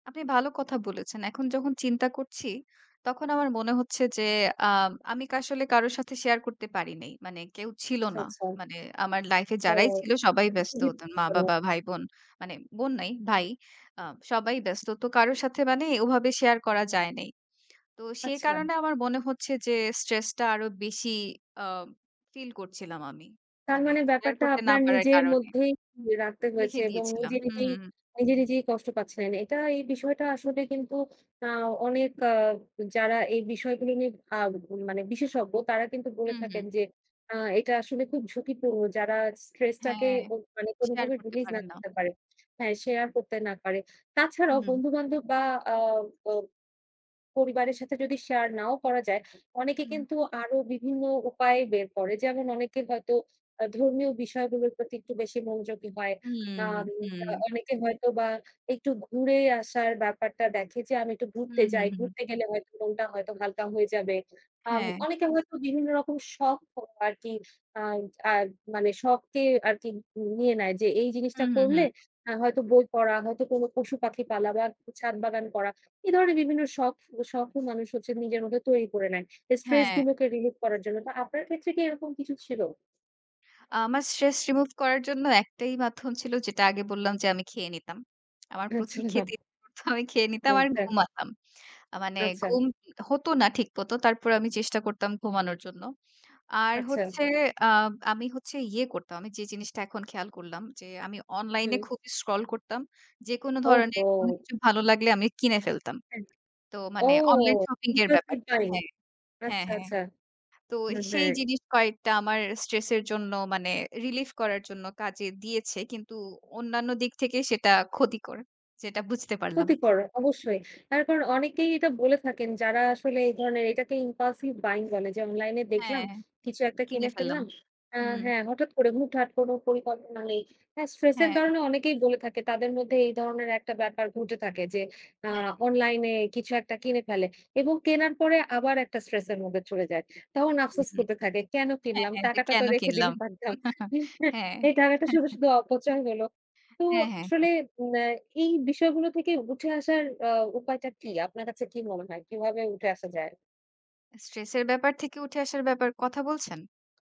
আপনি ভালো কথা বলেছেন। এখন যখন চিন্তা করছি, তখন আমার মনে হচ্ছে যে আ আমি আসলে কারো সাথে শেয়ার করতে পারি নাই। মানে কেউ ছিল আচ্ছা, না। আচ্ছা। মানে আমার লাইফ এ তো যারাই ছিল সবাই এটা তো ব্যস্ত। খুবই দুঃখ মা জনক। বাবা, ভাই বোন, মানে বোন নাই ভাই। আ সবাই ব্যস্ত। তো কারো সাথে মানে ওভাবে শেয়ার করা যায় নাই। তো সে আচ্ছা। কারণে আমার মনে হচ্ছে, যে stress টা আরো বেশি আ ফিল করছিলাম আমি। তার মানে মানে শেয়ার ব্যাপারটা করতে না আপনার পারার নিজের কারণে মধ্যেই রাখতে হয়েছে, লিখে এবং দিয়েছিলাম নিজে হু, নিজেই হু। নিজে, নিজেই কষ্ট পাচ্ছিলেন। এটা এই বিষয়টা আসলে কিন্তু আ অনেক আ যারা এই বিষয়গুলো নিয়ে আ মানে বিশেষজ্ঞ তারা কিন্তু বলে হু, হু। থাকেন, যে আ এটা আসলে খুব ঝুঁকিপূর্ণ। যারা stress টাকে হ্যাঁ, অ মানে শেয়ার কোনোভাবে করতে release না পারেন না। করতে পারে। হ্যাঁ শেয়ার করতে না পারে। তাছাড়াও হু। বন্ধু বান্ধব, বা আ ব পরিবারের সাথে যদি শেয়ার নাও করা যায় অনেকে হু। কিন্তু আরো বিভিন্ন উপায় বের করে। যেমন অনেকে হয়তো আ ধর্মীয় বিষয়গুলোর প্রতি একটু বেশি মনোযোগী হয়। আম হুম, আ হুম। অনেকে হয়তো বা একটু ঘুরে আসার ব্যাপারটা দেখে যে আমি একটু হু, ঘুরতে হু, যাই। হুম। ঘুরতে গেলে হয়তো মনটা হয়তো হালকা হয়ে যাবে। আম হ্যাঁ। অনেকে হয়তো বিভিন্ন রকম শখ [unintelligible] আরকি আ আ মানে শখকে আরকি নিয়ে নেয়, যে এই হু, জিনিসটা হু, করলে হু। আ হয়তো বই পড়া হয়তো কোনো পশু পাখি পালা বা একটু ছাদ বাগান করা। এ ধরনের বিভিন্ন শখ শখ ও মানুষ নিজের মধ্যে তৈরি করে নেয়। স্ট্রেস হ্যাঁ। গুলোকে রিলিভ করার জন্য। তো আপনার ক্ষেত্রে কি এরকম কিছু ছিল? আমার stress remove করার জন্য একটাই মাধ্যম ছিল, যেটা আগে বললাম, যে আমি খেয়ে নিতাম। আমার প্রচুর খেতে আচ্ছা। ইচ্ছা করত, আমি খেয়ে নিতাম আর আচ্ছা। ঘুমাতাম। আ মানে আচ্ছা। ঘুম হত না ঠিকমত। তারপর আমি চেষ্টা করতাম ঘুমানোর জন্য। আর আচ্ছা। হচ্ছে আ আমি হচ্ছে ইয়ে করতাম। আমি যে জিনিসটা এখন খেয়াল করলাম, যে আমি অনলাইনে হুম। খুবই scroll করতাম। যেকোন ধরনের কোন ওহহো! কিছু ভালো লাগলে আমি কিনে ফেলতাম। আ তো ও মানে অনলাইন শপিং এর impulsive ব্যাপারটা buying হ্যাঁ, হ্যাঁ, আচ্ছা, হ্যাঁ। আচ্ছা। তো মানে সেই জিনিস কয়েকটা আমার stress এর জন্য মানে relief করার জন্য কাজে দিয়েছে। কিন্তু অন্যান্য দিক থেকে সেটা ক্ষতিকর। সেটা বুঝতে পারলাম। ক্ষতিকর, অবশ্যই। তারপর অনেকেই এটা বলে থাকেন, যারা আসলে এই ধরনের এটাকে impulsive buying বলে যে অনলাইন এ দেখলাম হ্যাঁ, কিছু একটা কিনে কিনে ফেললাম। ফেললাম। আ হু। হ্যাঁ? হঠাৎ করে হুটহাট কোনো পরিকল্পনা নেই। আ স্ট্রেস এর হ্যাঁ। ধরনে অনেকেই বলে থাকে। তাদের মধ্যে এই ধরনের একটা ব্যাপার ঘটে থাকে, যে আ হ্যাঁ। অনলাইন এ কিছু একটা কিনে ফেলে, এবং কেনার পরে আবার একটা স্ট্রেস এর মধ্যে চলে যায়। তখন হু, আফসোস হু। করতে থাকে কেন হ্যাঁ, কিনলাম, হ্যাঁ যে টাকাটা তো কেন রেখে কিনলাম? দিলেই পারতাম। হ্যাঁ। এই টাকাটা শুধু, শুধু অপচয় হল। তো হ্যাঁ, হ্যাঁ, হ্যাঁ। আসলে মানে এই বিষয়গুলো থেকে উঠে আসার আ উপায়টা কী? আপনার কাছে কি মনে হয়? কীভাবে উঠে আসা যায়? স্ট্রেস এর ব্যাপার থেকে উঠে আসার ব্যাপার কথা বলছেন?